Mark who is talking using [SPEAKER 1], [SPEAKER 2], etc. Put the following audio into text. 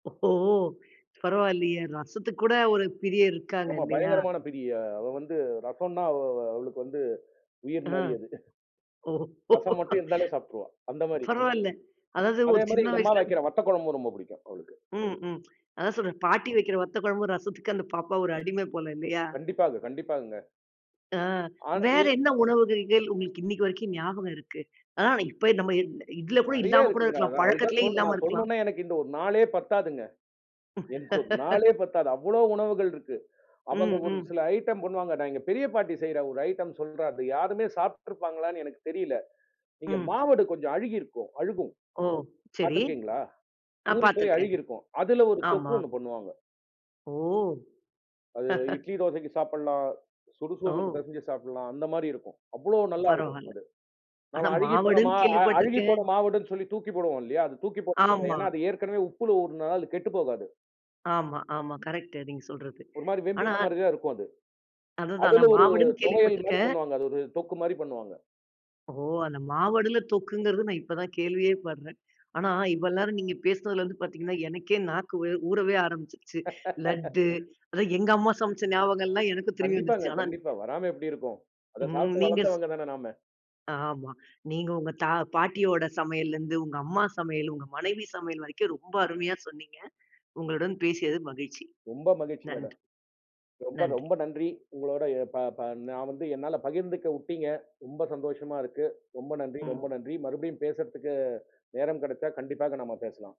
[SPEAKER 1] ஓ! பரவால்லையே. ரசத்துக்குக் கூட ஒரு பிரியர் இருக்காங்க
[SPEAKER 2] ஆமா.
[SPEAKER 1] இல்லையா?
[SPEAKER 2] பயங்கரமான பிரிய அவ வந்து ரசம்னா அவ அவளுக்கு வந்து உயிர்
[SPEAKER 1] அ
[SPEAKER 2] மாதிரி அதுதான்.
[SPEAKER 1] ஓ!
[SPEAKER 2] ரசம் மட்டும் இருந்தாலே சாப்ட்ருவேன், அந்த மாரி.
[SPEAKER 1] பரவால்ல. அதாவது
[SPEAKER 2] அதே
[SPEAKER 1] ஒரு சின்ன
[SPEAKER 2] மாதிரி எங்க அம்மா
[SPEAKER 1] வயசுலந்து.
[SPEAKER 2] வைக்கிற வத்தக்குழம்பு ரொம்ப பிடிக்கும், அவளுக்கு.
[SPEAKER 1] ம். ம். அதான் சொல்றேன் பாட்டி வைக்கிற வத்தக்குழம்பு, ரசத்துக்கு அந்தப் பாப்பா ஒரு அடிமை போல. இல்லையா?
[SPEAKER 2] கண்டிப்பாக, கண்டிப்பாகங்க.
[SPEAKER 1] அ.
[SPEAKER 2] ஆனா.
[SPEAKER 1] வேற
[SPEAKER 2] ஏ
[SPEAKER 1] என்ன உணவுகள்கள் உங்களுக்கு இன்னைக்கு வரைக்கும் ஞாபகம் இருக்கு. அ அன்னைக்கு போய் இப்ப நம்ம இத் இதுல கூட
[SPEAKER 2] நிறைய
[SPEAKER 1] இல்லாம கூட
[SPEAKER 2] இருக்குங்க.
[SPEAKER 1] இருக்கலாம்.
[SPEAKER 2] அது தான் அது நான்
[SPEAKER 1] பழக்கத்திலே
[SPEAKER 2] சொல்லும்
[SPEAKER 1] இல்லாம
[SPEAKER 2] நான்
[SPEAKER 1] இருக்கலாம்.
[SPEAKER 2] சொல்லும்ணுமனே, எனக்கு இந்த 1 நாளே பத்தாதுங்க. எனக்கு 1 நாளே பத்தாது. அவ்வளோ உணவுகள் இருக்கு. அவங்க
[SPEAKER 1] ம்,
[SPEAKER 2] ஒரு
[SPEAKER 1] ம்.
[SPEAKER 2] சில ஐடம் பண்ணுவாங்க. நான் எங்க பெரியப்பாட்டி செய்ற ஒரு ஐடம் சொல்றா, அது யாருமே சாப்டுப்டுருப்பாங்களான்னு எனக்குத் தெரியல. நீங்க
[SPEAKER 1] ம்.
[SPEAKER 2] மாவடு கொஞ்சம் அழுகி இருக்கும். அழுகும்.
[SPEAKER 1] ஓ! சரி.
[SPEAKER 2] பாத்துருக்கீங்களா?
[SPEAKER 1] ஆ
[SPEAKER 2] ஊறி போய்
[SPEAKER 1] பார்த்திருக்கேன்.
[SPEAKER 2] அழுகி இருக்கும். அதுல ஒரு
[SPEAKER 1] ஆமா.
[SPEAKER 2] தொக்கு ஒண்ணு பண்ணுவாங்க.
[SPEAKER 1] ஓ!
[SPEAKER 2] அது இட்லி தோசைக்கு சாப்பிடலாம்.
[SPEAKER 1] ஓ.
[SPEAKER 2] சுடுக்குசோறுக்கு பெசெஞ்சி சாப்பிடலாம். அந்த மாதிரி இருக்கும். அவ்வளோ நல்லா இருக்கும்
[SPEAKER 1] பரவால்ல.
[SPEAKER 2] அது.
[SPEAKER 1] ஆனா
[SPEAKER 2] நாம அழுகிப்போன மா
[SPEAKER 1] மாவடுன்னு
[SPEAKER 2] அ
[SPEAKER 1] கேள்விப்பட்டிருக்கேன்.
[SPEAKER 2] அழுகிப்போன மாவடுனு சொல்லி தூக்கி போடுவோம். இல்லையா? அத தூக்கி போட்ட [unintelligible]
[SPEAKER 1] ஆமா.
[SPEAKER 2] ஏன்னா அது ஏற்கனவே உப்புல ஊறுனதுனால அது கெட்டுப்போகாது.
[SPEAKER 1] ஆமா, ஆமா. கரெக்ட் நீங்கச் சொல்றது.
[SPEAKER 2] ஒரு மாதிரி
[SPEAKER 1] ஆனா
[SPEAKER 2] வெம்பின மாரிதான் இருக்கும அது.
[SPEAKER 1] அதுதான்
[SPEAKER 2] அதுல
[SPEAKER 1] நான்
[SPEAKER 2] ஒரு
[SPEAKER 1] மாவடுன்னு
[SPEAKER 2] தொவையல் மாரி
[SPEAKER 1] கேள்விப்பட்டிருக்கேன்.
[SPEAKER 2] பண்ணுவாங்க. அது ஒரு தொக்கு மாரி பண்ணுவாங்க.
[SPEAKER 1] ஓ! அந்த மாவடுல தொக்குங்குறது நான் இப்ப தான் கேள்வியே படுறேன். ஆனா இவ்வள் நேரம் நீங்கப் பேசுனதுல இருந்து பார்த்தீங்கன்னா எனக்கே நாக்கு வே ஊறவே ஆரம்பிச்சுடுச்சு. லட்டு. அதான் எங்க அம்மா சமைச்ச ஞாபகம் எல்லாம் எனக்கும் திரும்பி
[SPEAKER 2] கண்டிப்பாங்க.
[SPEAKER 1] வந்துருச்சு. ஆனா
[SPEAKER 2] கண்டிப்பா வராம எப்படி இருக்கும்? அதைச்
[SPEAKER 1] ம்.
[SPEAKER 2] சாப்பிட்டு
[SPEAKER 1] நீங்க ஸ்
[SPEAKER 2] வளர்ந்தவங்க தானே நாம.
[SPEAKER 1] ஆம்மா. நீங்க உங்க தா பாட்டியோட சமையல இருந்து உங்க அம்மா சமையல் உங்க மனைவி சமையல் வரைக்கும் ரொம்ப அருமையா சொன்னீங்க. உங்களுடன் பேசியதில் மகிழ்ச்சி.
[SPEAKER 2] ரொம்ப மகிழ்ச்சி மேடம்.
[SPEAKER 1] நன்றி,
[SPEAKER 2] ரொம்ப,
[SPEAKER 1] நன்றி.
[SPEAKER 2] ரொம்ப நன்றி. உங்களோட எ தா தா நான் வந்து என்னால பகிர்ந்துக்க உட்டீங்க. ரொம்ப சந்தோஷமா இருக்கு. ரொம்ப நன்றி ரொம்ப
[SPEAKER 1] ம்.
[SPEAKER 2] நன்றி. மறுபடியும் பேசறதுக்கு நேரம் கிடைச்ச கண்டிப்பா நாம பேசலாம்.